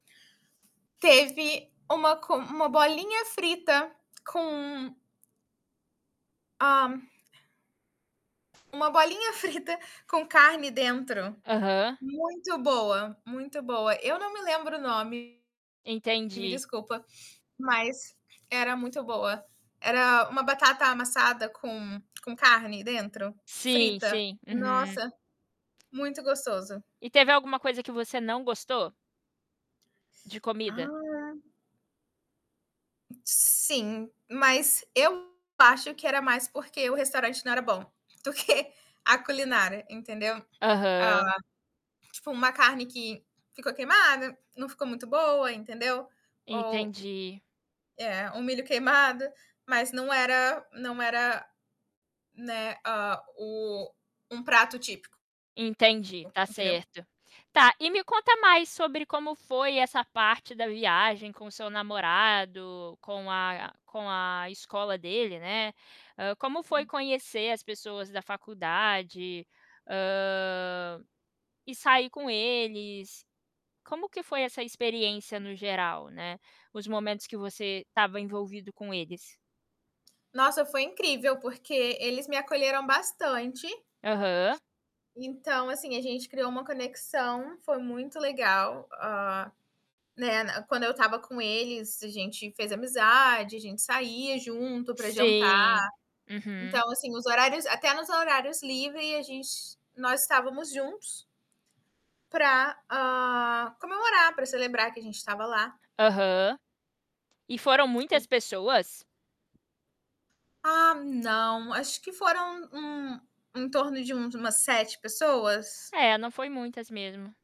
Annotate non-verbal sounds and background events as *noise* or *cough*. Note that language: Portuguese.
Teve uma comi uma bolinha frita com Ah. Uma bolinha frita com carne dentro, Aham. muito boa, muito boa. Eu não me lembro o nome, me Entendi. desculpa, mas era muito boa. Era uma batata amassada com com carne dentro, Sim, frita. sim. Uhum. Nossa, muito gostoso. E teve alguma coisa que você não gostou? De comida? Ah. Sim. Mas eu acho que era mais porque o restaurante não era bom, do que a culinária, entendeu? Aham. Ah, tipo uma carne que ficou queimada, não ficou muito boa, entendeu, ou Entendi. É, um milho queimado, mas não era não era, né, a o um prato típico. Entendi, tá Entendeu? certo. Tá, e me conta mais sobre como foi essa parte da viagem com o seu namorado, com a com a escola dele, né, ah, como foi Sim. conhecer as pessoas da faculdade? Hã, e sair com eles, como que foi essa experiência no geral, né, os momentos que você estava envolvido com eles? Nossa, foi incrível, porque eles me acolheram bastante. Aham. Então assim, gente criou uma conexão, foi muito legal, ah, né, n quando eu estava com eles, a gente fez amizade, a gente saía junto para jantar. Sim. Uhum. Então assim, os horários até nos horários livre a gente nós estávamos juntos pra, ah, comemorar, pra celebrar que a gente estava lá. Aham. E foram muitas *unintelligible* pessoas? Ah, não. Acho que foram, hum, em torno de um de umas 7 pessoas. É, não foi muitas mesmo.